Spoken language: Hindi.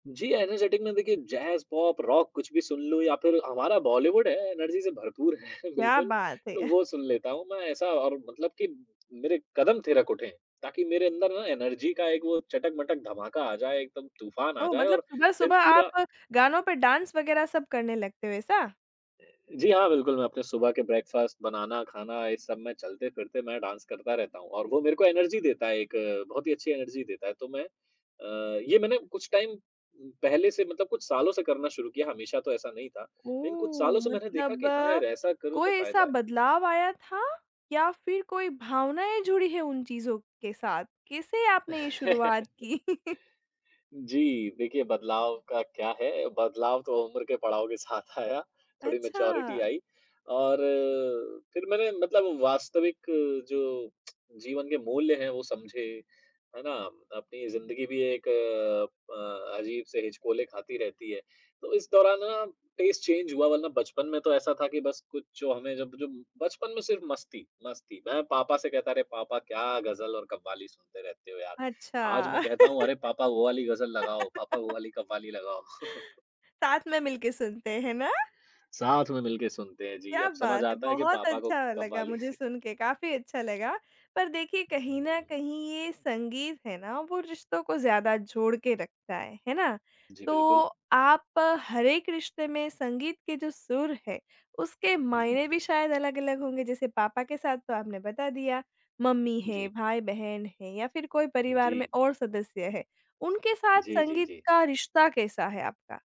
जी, एनर्जेटिक में, देखिए, जैज़, पॉप, रॉक, कुछ भी सुन लूँ, या फिर हमारा बॉलीवुड है, एनर्जी से भरपूर है, क्या बिल्कुल। बात है। तो वो सुन लेता हूँ मैं, ऐसा और मतलब कि मेरे कदम थिरक उठें। ताकि मेरे अंदर ना, एनर्जी का एक वो चटक-मटक धमाका आ जाए, एकदम तूफ़ान आ ओह! जाए, मतलब और फिर सुबह-सुबह पूरा आप गानों पे डांस वगैरह सब करने लगते हो, ऐसा? जी, हाँ, बिल्कुल, मैं अपने सुबह के ब्रेकफास्ट बनाना, खाना, ये सब में चलते-फिरते मैं डांस करता रहता हूँ, और वो मेरे को एनर्जी देता है, एक बहुत ही अच्छी एनर्जी देता है। तो मैं अ, ये मैंने कुछ टाइम उम, पहले से मतलब कुछ सालों से करना शुरू किया, हमेशा तो ऐसा नहीं था। लेकिन कुछ ओह! सालों से मैंने देखा मतलब कि, "हाँ यार, ऐसा करूँ, कोई तो ऐसा फ़ायदा है।" बदलाव आया था या फिर कोई भावनाएँ जुड़ी हैं, उन चीज़ों के साथ? कैसे आपने ये शुरुआत की? जी, देखिए, बदलाव का क्या है? बदलाव तो उम्र के पड़ाव के साथ आया। थोड़ी मैच्योरिटी अच्छा। आई, और फिर मैंने मतलब वास्तविक जो जीवन के मूल्य हैं, वो समझे। है ना? अपनी ज़िंदगी भी एक अ, अजीब से हिचकोले खाती रहती है। तो इस दौरान, है ना, टेस्ट चेंज हुआ, वरना बचपन में तो ऐसा था कि बस कुछ जो हमें, जब जब बचपन में सिर्फ़ मस्ती, मस्ती। मैं पापा से कहता, "अरे! पापा, क्या गज़ल और कव्वाली सुनते रहते हो, यार? आज अच्छा। मैं कहता हूँ, "अरे! पापा, वो वाली गज़ल लगाओ। पापा, वो वाली कव्वाली लगाओ।" साथ में मिलके सुनते हैं ना? साथ में मिलके सुनते हैं, जी। क्या अब समझ बात है! आता है कि बहुत पापा को अच्छा लगा कव्वाली मुझे सुन के, काफ़ी अच्छा लगा। पर देखिए, हुँ, कहीं न हुँ। कहीं, ये संगीत है ना, वो रिश्तों को ज़्यादा जोड़ के रखता है। है ना? जी, तो बिल्कुल। आप हर एक रिश्ते में संगीत के जो सुर हैं, उसके हुँ। मायने भी शायद अलग-अलग होंगे। जैसे पापा के साथ तो आपने बता दिया, मम्मी हैं, जी। भाई-बहन हैं या फिर कोई परिवार जी। में और सदस्य है, उनके साथ जी, जी, संगीत जी। का रिश्ता कैसा है आपका?